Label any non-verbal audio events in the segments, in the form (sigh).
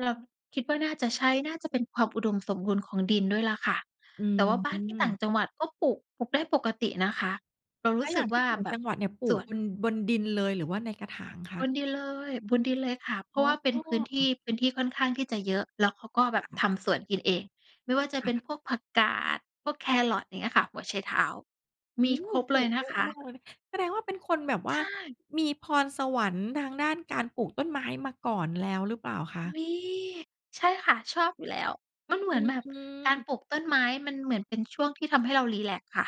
เราคิดว่าน่าจะใช้ น่าจะเป็นความอุดมสมบูรณ์ของดินด้วยแหละค่ะ อืแต่วอ่าบ้ฮานที่ต่างึ จังหวัดก็ปลูก ปลูกได้ปกตินะคะ เรารแลู้้วสอยึ่กางทวี่่าอยู่แบจบังหวัดเนี่ยปลูส่กวน บน บนดินเลยหรือว่าในกระถางคบะ? นดินเลย บบดินเลยค่ะ เพรอา๋ะว่าเป็นพื้นที่ อ พื้นที่ค่อนข้างที่จะเยอะ แล้วเขาก็แบเหบรอคทะ? ำสวนกินเอง ไม่ว่าจะคเป่็นะ พวกผักกาด พวกแคร์รอต อย่างเงี้ยค่ะ หัวไชเท้า อืมีม ครบปเลลูยกนเยะอะคมาะ กเลย แสดงว่าเป็นคนแบบใวช่า่ มีพรสวรรค์ทางด้านการปลูกต้นไม้มาก่อนแล้วหรือเปล่าคะ? มี ใช่ค่ะ ชอบอยู่แล้ว มันเหมอืือนแบบ การอ ปลูกต้นไม้มันเหมือนเป็นช่วงที่ทำให้เรารีแลกซ์ค่ะ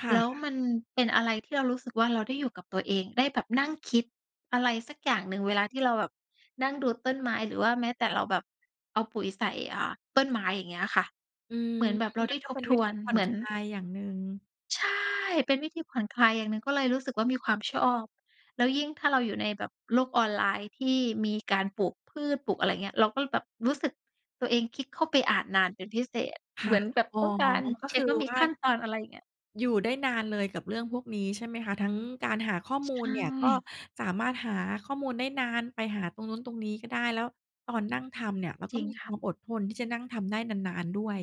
ค่แล้วะ มันเป็นอะไรที่เรารู้สึกว่าเราได้อยู่กับตัวเอง ได้แบบนั่งคิดอะไรสักอย่างหนึ่งเวลาที่เราแบบนั่งดูต้นไม้ หรือว่าแม้แต่เราแบบเอาปุ๋ยใส่ อ่า ต้นไม้ อย่างเงี้ยค่ะ อืม เหมือนแบบเรามไัด้นกท็เบป็นทวิวธีน ผ่เอหมนือน คลายอย่างหนึ่ง ใช่ เป็นวิธีผ่อนคลายอย่างหนึ่ง ก็เลยรู้สึกว่ามีความชอบ แล้วยิ่งถ้าเราอยู่ในแบบโลกออนไลน์ที่มีการปลูกพืช ปลูกอะไรอย่างเงี้ย เราก็เลยแบบรู้สึกตัวเองคลิกเข้าไปอ่านนานเป็นพิเศษ คเหม่ะ ือนแบบอ๋อ ต้องการก็เชค็กือว่ามีว่า ขั้นตอน อะไรอย่างเงี้ย อยู่ได้นานเลยกับเรื่องพวกนี้ใช่ไหมคะ ทั้งการหาข้อใมชูลเนี่ยก็่ สามารถหาข้อมูลได้นาน ไปหาตรงนู้นตรงนี้ก็ได้ แล้วตอนนั่งทำเนี่ยเราจกร็ิงมีคค่วะ ามอดทนที่จะนั่งทำได้นาน ๆ ด้วย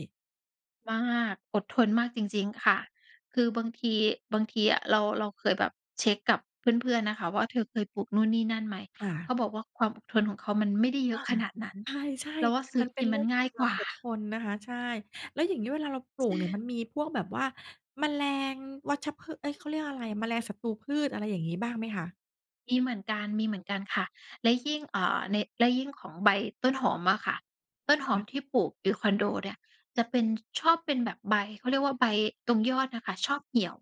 มาก อดทนมากจริง ๆ ค่ะ คือบางที บางทีอะเรา เราเคยแบบเช็กกับเพื่อน ๆ นะคะว่า "เธอเคยปลูกนู่นนี่นั่นไหม?" ค่เขะ าบอกว่า "ความอดทนของเขามันไม่ได้เยออา ะขนาดนั้น ใช่ เราว่าซืๆ ้มอันเกป็ินนเมรืั่นองงข่อางยคกวาวม่า" อดทนนะคะ ใช่ แล้วอย่างงี้เวลาเราปใลูชกเนี่ย ่ มันมีพวกแบบว่า แมลง วัชพืช เอ๊ย! เขาเรียกว่าอะไรอะ แมลงศัตรูพืช อะไรอย่างงี้บ้างไหมคะ? มีเหมือนกัน มีเหมือนกันค่ะ และยิ่ง เอ่อ ใน และยิ่งของใบต้นหอมอะค่ะ ต้นคห่อมะ ที่ปลูกอยู่คอนโดเนี่ย จะเป็น ชอบเป็นแบบใบ เขาเรียกว่าใบตรงยอดน่ะค่ะชอบเเหี่ยว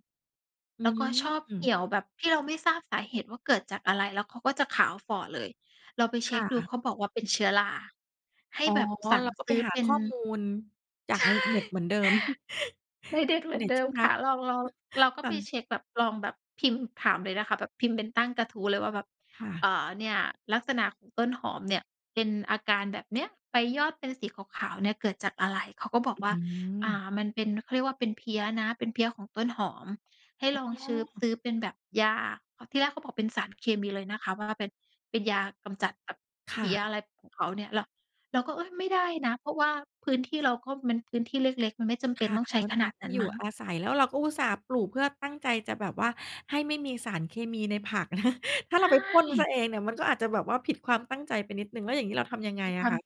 อืแล้วก็ชอบเหีม ่ยวแบบที่เราไม่ทราบสาเหตุว่าเกิดจากอะไร แล้วเขาก็จะขาวฝ่อเลย เราไปเชค็่กดูะ เขาบอกว่าเป็นเชื้อรา ให้อ๋อ แบบสั่งเราก็ซไปื้อหาเป็ขน ้อมูลจาใกชในเน็ต่ เหมือนเดิม ไม่เ(laughs) ด็อิดนเเทหมอรื์อเนน็ตเดิทีม่รคั่ะ ก เรา เรา เรา(chuckles) ก็ค่ไปะ เช็กแบบ ลองแบบพิมพ์ถามเลยนะคะ แบบพิมพ์เป็นตั้งกระทู้เลยว่าแบบ ค่ะ "เอ่อ เนี่ยลักษณะของต้นหอมเนี่ยเป็นอาการแบบเนี้ย ใบยอดเป็นสีขาว ๆ เนี่ยเกิดจากอะไร?" เขาก็บอกอืว่า "อ่ม า มันเป็น เขาเรียกว่าเป็นเพลี้ยนะ เป็นเพลี้ยของต้นหอม ให้อล๋องชื้อ ซอ ื้อเป็นแบบยา" เพราะที่แรกเขาบอกเป็นสารเคมีเลยนะคะ ว่าเป็น เป็นยากำจัดแบบคเพ่ลี้ย ะ อะไรของเขาเนี่ย เรา เราก็ "เอ๊ย! ไม่ได้นะ เพราะว่าพื้นที่เราก็มันพื้นที่เล็ก ๆ มันไม่จำเคป็น่ะ ต้องใช้มันขเปน็นาดทนีั่้นอยมูั่้ง" อาศัย แล้วเราก็อุตส่าห์ปลูกเพื่อตั้งใจจะแบบว่าให้ไม่มีสารเคมีในผัก (chuckles) ถ้ใาเราไปพ่นเสีช่ ยเองเนี่ย มันก็อาจจะแบบว่าผิดความตั้งใจไปนิดหนึ่ง แล้วอย่างงี้เราทำยังไงคือคอวะาม คะ?